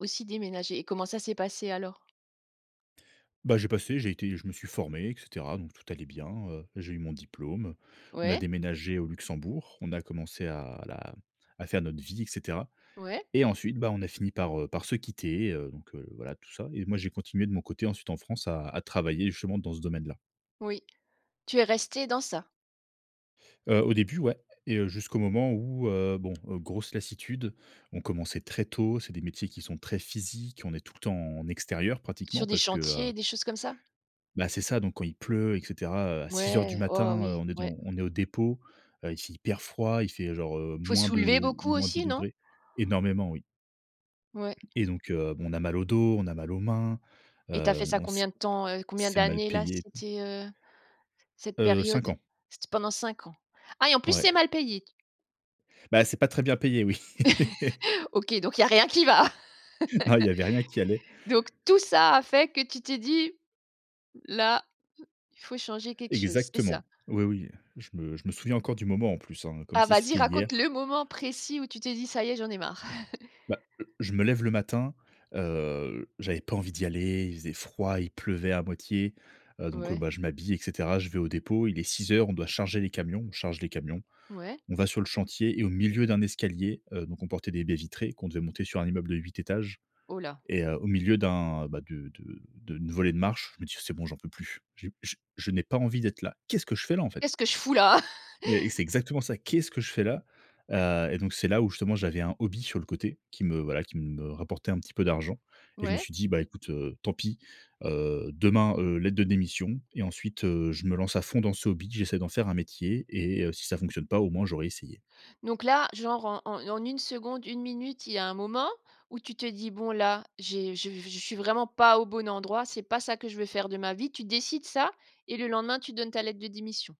Aussi déménager. Comment ça s'est passé alors? Ben, j'ai passé j'ai été je me suis formé et cetera donc tout allait bien, heu, j'ai eu mon diplôme, on a Ouais. déménagé au Luxembourg, on a commencé à la à faire notre petite vie et cetera Ouais. et ensuite, ben on a fini par, heu, par se quitter, heu, donc heu, voilà tout ça et moi, j'ai continué de mon côté ensuite en France à à travailler justement dans ce domaine-là. Oui. Tu es resté dans ça? Heu, au début, ouais et heu, jusqu'au moment où heu, bon, heu, grosse lassitude, on commençait très tôt, c'est des métiers qui sont très physiques on est tout le temps en extérieur pratiquement, Sur des parce que heu chantiers, des choses comme ça? Bah c'est ça, donc quand il pleut et cetera à 6:00 du Mouais. Oh matin, heu, oui, on est dev ouais. on est au dépôt, heu, il fait hyper froid, il fait, heu, genre, heu, Il faut moins soulever deux, beaucoup moins dix aussi non? degrés énormément oui. Ouais. Et donc heu, bon, on a mal au dos, on a mal aux mains, Et tu as heu, fait ça bon, c'est combien de temps? Heu, combien c'est mal d'années là? payé. C'était, heu, cette Heu, période, 5 ans. c'était pendant 5 ans? Ah et en plus, Ouais. c'est mal payé? Bah, c'est pas très bien payé oui. OK donc il y a rien qui va? Non, il y avait rien qui allait. Donc tout ça a fait que tu t'es dit: «Là, il faut changer quelque chose», c'est Exactement. ça? Oui, oui, heu, je me je me souviens encore du moment en plus, hein, comme Ah si vas-y c'était raconte hier. le moment précis où tu t'es dit: «Ça y est, j'en ai marre». Bah, heu, je me lève le matin, heu, j'avais pas envie d'y aller. Il faisait froid, il pleuvait à moitié, heu, donc, heu, Ouais. bah, je m'habille et cetera je vais au dépôt il est 6:00 on doit charger les camions, on charge les camions. Ouais. On va sur le chantier et au milieu d'un escalier, heu, donc on portait des baies vitrées, qu'on devait monter sur un immeuble de 8 étages Oh là. et heu, au milieu d'un, bah, de de de d'une volée de marches, je me dis: «C'est bon j'en peux plus. Je je je n'ai pas envie d'être là. Qu'est-ce que je fais là, en fait?». Qu'est-ce que je fous là? Mais, c'est exactement ça. Qu'est ce que je fais là? Heu, et donc, c'est là où justement j'avais un hobby sur le côté, qui me, voilà, qui me, rapportait un petit peu d'argent et je me Ouais. suis dit: «Bah écoute, heu, tant pis, heu, demain, heu, lettre de démission et ensuite, heu, je me lance à fond dans ce hobby. J'essaie d'en faire un métier et heu, si ça fonctionne pas au moins j'aurais essayé». Donc là, genre en en en 1 seconde, 1 minute il y a un moment, où tu te dis: «Bon là, j'ai je je suis vraiment pas au bon endroit, c'est pas ça que je veux faire de ma vie». Tu décides ça et le lendemain tu donnes ta lettre de démission?